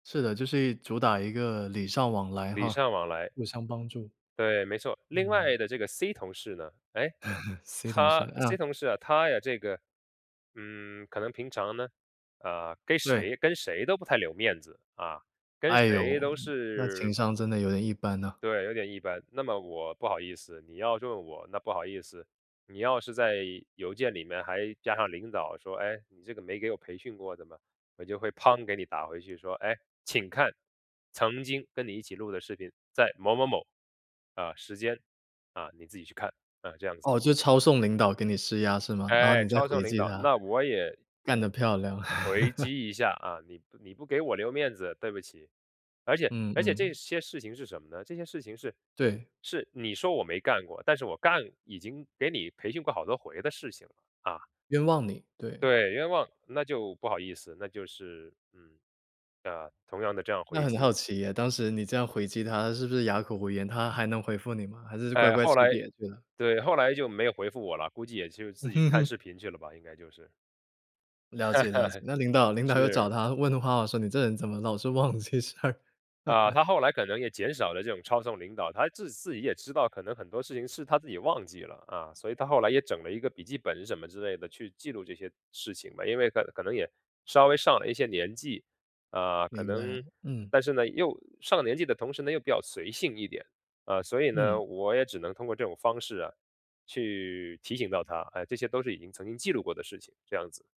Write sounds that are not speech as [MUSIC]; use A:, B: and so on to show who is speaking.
A: 是的，就是一主打一个礼尚往来
B: 礼
A: 哈，
B: 尚往来。
A: 互相帮助。
B: 对，没错，另
A: 嗯。
B: 外的这个 C 同事呢？哎，
A: [CHUCKLES] C 同事。
B: 他 C
A: 嗯。
B: 同事啊他呀这个，嗯，可能平常呢，呃，跟
A: 对。
B: 谁跟谁都不太留面子，啊，跟
A: 哎
B: 谁
A: 哟，
B: 都
A: 那
B: 是
A: 情商真的有点一般呐。
B: 对，有点一般。那么我不好意思，你要弄我，那不好意思，你要是在邮件里面还加上领导说：“哎，你这个没给我培训过的嘛，”我就会嘭给你打回去说：“哎，请看曾经跟你一起录的视频，在某某某，呃，时间，啊，你自己去看，”啊，这样子。
A: 哦，就抄送领导给你施压是吗？然后
B: 哎，
A: 你再
B: 抄
A: 回
B: 送领
A: 击
B: 导，
A: 他。
B: 那我也
A: 干得漂亮。
B: 回
A: [CHUCKLES]
B: 击一下啊，你你不给我留面子，对不起。而且
A: 嗯
B: 而且这
A: 嗯。
B: 些事情是什么呢？这些事情是
A: 对。
B: 是你说我没干过，但是我干已经给你培训过好多回的事情了啊。
A: 冤枉你，对。
B: 对，冤枉，那就不好意思，那就是，嗯，呃，同样的这样
A: 那
B: 回
A: 很
B: 击。
A: 好奇唉，当时你这样回击他是不是哑口无言，他还能回复你吗？还是乖
B: 呃，
A: 乖吃
B: 后来
A: 瘪去了。
B: 对，后来就没有回复我了，估计也就自己看
A: [LAUGHS]
B: 视频去了吧，应该就是。
A: 了解了解，
B: [LAUGHS]
A: 那领导领导又找
B: 是。
A: 他问话说你这人怎么老是忘记事儿？
B: 呃，
A: [CHUCKLES]
B: 他后来可能也减少了这种抄送领导，他自自己也知道，可能很多事情是他自己忘记了，啊，所以他后来也整了一个笔记本什么之类的去记录这些事情吧。因为可能可能也稍微上了一些年纪，呃，可
A: 明白，
B: 能，
A: 嗯。
B: 但是呢又上了年纪的同时呢，又比较随性一点，呃，所以
A: 嗯。
B: 呢，我也只能通过这种方式啊，去提醒到他，哎，这些都是已经曾经记录过的事情，这样子。